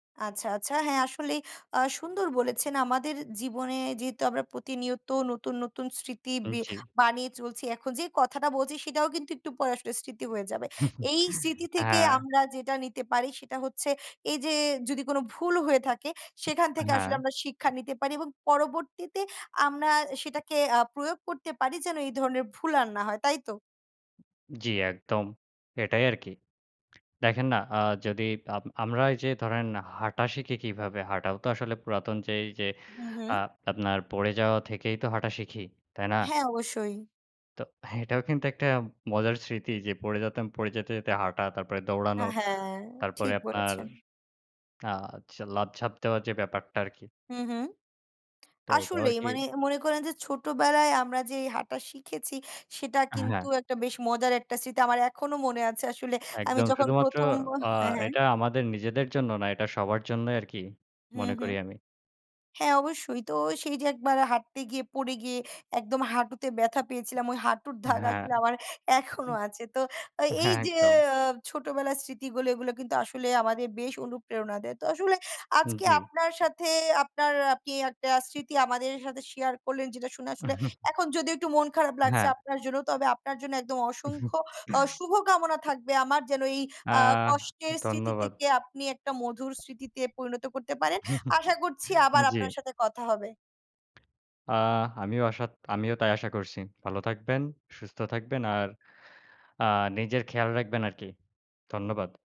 আচ্ছা, আচ্ছা, হ্যাঁ, আ আসলেই সুন্দর বলেছেন, আমাদের জীবনে যেহেতু আমরা প্রতিনিয়ত নতুন, নতুন স্মৃতি হুম, বে জি। বানিয়ে চলছি, এখন যে, কথাটা বলছি, সেটাও কিন্তু একটু পরে আসলে স্মৃতি হয়ে যাবে। এই স্মৃতি থেকে হ্যাঁ। আমরা যেটা নিতে পারি, সেটা হচ্ছে এই যে, যদি কোন ভুল হয়ে থাকে, সেখান থেকে আসলে হ্যাঁ। আমরা শিক্ষা নিতে পারি এবং পরবর্তীতে আমরা সেটাকে আ প্রয়োগ করতে পারি, যেন এই ধরনের ভুল আর না হয়, তাই তো? জি, একদম এটাই আরকি। দেখেন না, আ যদি আ আমরা এই যে, ধরেন, হাঁটা শিখি কিভাবে? হাঁটাও তো আসলে পুরাতন যে, এই যে, হুম, হুম। আ আপনার পড়ে যাওয়া থেকেই তো হাঁটা শিখি। তাই না? হ্যাঁ, অবশ্যই। তো এটাও কিন্তু একটা মজার স্মৃতি যে, পড়ে যেতাম পড়ে যেতে, যেতে হাঁটা, তারপরে দৌড়ানো, হ্যাঁ, হ্যাঁ, তারপরে ঠিক আপনার বলেছেন। আ হচ্ছে লাফঝাপ দেওয়া যে, ব্যাপারটা আরকি। হুম, হুম, তো এটাও আসলেই আরকি। মানে মনে করেন যে, ছোটবেলায় আমরা যে, হাঁটা শিখেছি, সেটা কিন্তু হ্যাঁ। একটা বেশ মজার একটা স্মৃতি আমার এখনো মনে আছে আসলে আমি একদম যখন শুধুমাত্র ১ম আ হ্যাঁ, হ্যাঁ এটা আমাদের নিজেদের জন্য না, এটা সবার জন্যই আরকি হুম, মনে করি হুম, আমি। হ্যাঁ, অবশ্যই। তো সেই যে, একবার হাঁটতে গিয়ে পড়ে গিয়ে একদম হাঁটুতে ব্যাথা পেয়েছিলাম, ওই হাঁটুর দাগ হ্যাঁ, আসলে আমার এখনো হুম, আছে। তো আ এই হ্যাঁ, যে, একদম। ছোটবেলার স্মৃতিগুলো, এগুলো কিন্তু আসলে আমাদের বেশ অনুপ্রেরণা দেয়। তো আসলে হুম, আজকে জি। আপনার সাথে আপনার, আপনি একটা স্মৃতি আমাদের সাথে শেয়ার করলেন যেটা শুনে আসলে, এখন যদি একটু মন খারাপ লাগছে হ্যাঁ। আপনার জন্য, তবে আপনার জন্য একদম অসংখ্য আ শুভ কামনা থাকবে আমার যেন, এই আ আ কষ্টের স্মৃতি ধন্যবাদ। থেকে আপনি একটা মধুর স্মৃতিতে পরিণত করতে পারেন। আশা করছি আবার আপনার জি। সাথে কথা হবে। আ আমিও আশা আমিও তাই আশা করছি। ভালো থাকবেন, সুস্থ থাকবেন আর আ নিজের খেয়াল রাখবেন আরকি ধন্যবাদ।